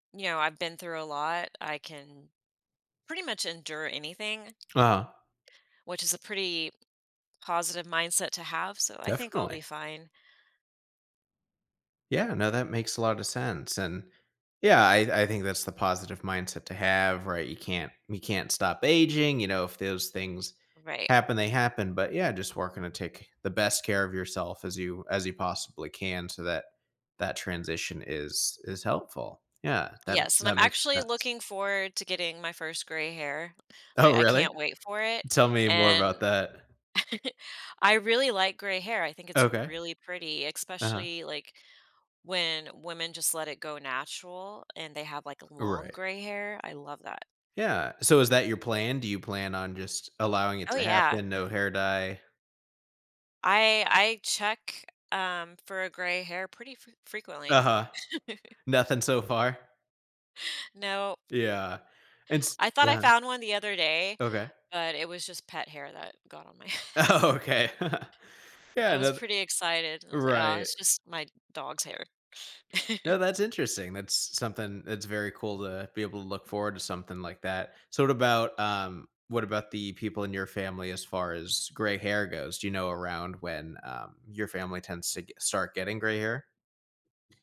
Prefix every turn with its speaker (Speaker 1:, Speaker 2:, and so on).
Speaker 1: You know, I've been through a lot. I can pretty much endure anything
Speaker 2: Uh-huh.
Speaker 1: which is a pretty positive mindset to have. So, I think I'll be
Speaker 2: Definitely.
Speaker 1: fine.
Speaker 2: Yeah. No, that makes a lot of sense. And, yeah, I I think that's the positive mindset to have, right? You can't you can't stop aging. You know if those things
Speaker 1: Right.
Speaker 2: happen, they happen, but yeah, just working to take the best care of yourself as you as you possibly can so that that transition is is helpful. Yeah. That
Speaker 1: Yes, and I'm
Speaker 2: that makes
Speaker 1: actually
Speaker 2: sense.
Speaker 1: looking forward to getting my 1st gray hair.
Speaker 2: Oh,
Speaker 1: I I
Speaker 2: really?
Speaker 1: can't wait for it,
Speaker 2: Tell me more about
Speaker 1: and
Speaker 2: that.
Speaker 1: I really like gray hair. I think it's
Speaker 2: Okay.
Speaker 1: really pretty,
Speaker 2: Uh-huh.
Speaker 1: especially, like, when women just let it go natural and they have, like, long
Speaker 2: Right.
Speaker 1: gray hair. I love that.
Speaker 2: Yeah. So, is that your plan? Do you plan on just allowing it
Speaker 1: Oh,
Speaker 2: to
Speaker 1: yeah.
Speaker 2: happen? No hair dye?
Speaker 1: I I check, um, for a gray hair pretty fre frequently.
Speaker 2: Uh-huh. Nothing so far?
Speaker 1: No.
Speaker 2: Yeah. It's
Speaker 1: I thought I
Speaker 2: yeah.
Speaker 1: found one the other day,
Speaker 2: Okay.
Speaker 1: but it was just pet hair that got on my head.
Speaker 2: Oh, 'kay. Yeah.
Speaker 1: I was
Speaker 2: No
Speaker 1: pretty excited and I was like, "Ah,
Speaker 2: right.
Speaker 1: it's just my dog's hair."
Speaker 2: No. That's interesting. That's s something it's very cool uh to be able to look forward to something like that. So, what about um, what about the people in your family as far as gray hair goes? Do you know around when um your family tends to get start getting gray hair?